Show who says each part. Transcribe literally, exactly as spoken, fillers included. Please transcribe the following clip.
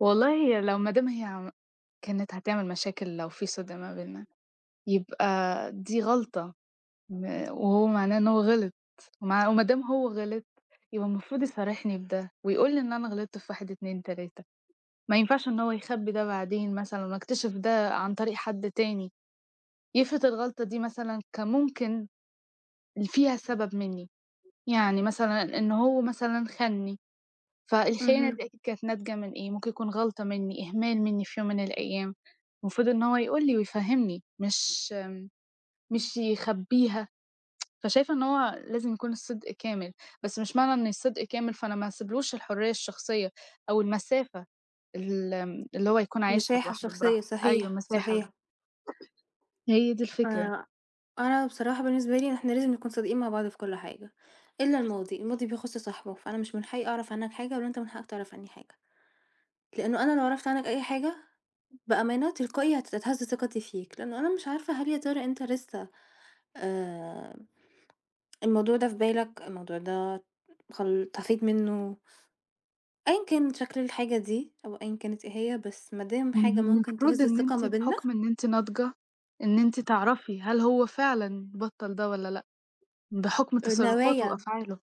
Speaker 1: والله هي لو ما دام هي كانِت هتعمل مشاكل لو في صِدْق ما بيننا يبقى دي غلطة م وهو معناه إن هو غِلط مع وما دام هو غِلط يبقى المفروض يصارحني بده، ويقول لي إن أنا غلَطت في واحد اتنين تلاتة ما ينفَعش إن هو يخبّي ده بعدين مثلًا وأكتشف ده عن طريق حد تاني، يفرِض الغلطة دي مثلًا كان ممكن اللي فيها سَبب منّي، يعني مثلًا إن هو مثلًا خانني فالخيانة
Speaker 2: اهم.
Speaker 1: دي أكيد كانت ناتجة من إيه ممكن يكون غلطة منّي، إهمال منّي في يوم من الأيام، المفروض إن هو يقول لي ويفَهّمني مش مش يخبّيها فشايفة إن هو لازم يكون الصدق كامل، بس مش معنى إن الصدق كامل فأنا ما هاسيبلوش الحرّية الشخصية أو المسافة ال اللي هو يكون عايشها
Speaker 2: مِسَاحة
Speaker 1: لوحده
Speaker 2: شخصية
Speaker 1: براحته. أيوَه
Speaker 2: صحيح،
Speaker 1: المِسَاحة.
Speaker 2: صحيح.
Speaker 1: هي دي الفكرة.
Speaker 2: آآ أنا بصراحة بالنسبة لي إحنا لازم نكون صادقين مع بعض في كُل حاجة، إلّا الماضي الماضي بيخُص صاحبه، فأنا مش من حقّي أعرف عنَّك حاجة ولا أنت من حقَّك تعرَف عنّي حاجة. لأنه أنا لو عرَفت عنَّك أي حاجة، بأمانة تلقائي هتتهز ثقتي فيك لأنه أنا مش عارفة هل يا ترى أنت لسّه آمم الموضوع ده في بالك الموضوع ده خل انطفيت مِنُّه. أيًّا كان شَكْل الحاجة دي، أو أيًّا كانت إيه هي، بس ما دام
Speaker 1: ما
Speaker 2: حاجة
Speaker 1: هو
Speaker 2: ممكن
Speaker 1: المفروض
Speaker 2: تهِز
Speaker 1: إن
Speaker 2: الثقة
Speaker 1: أنتِ
Speaker 2: ما بيننا
Speaker 1: بحُكم إن أنتِ ناضجة، إن أنتِ تعرفي، هل هو فعلًا بطَّل ده والّا لأ؟ بحُكم
Speaker 2: آآ
Speaker 1: تصرفاته
Speaker 2: نوايا.
Speaker 1: وأفعاله.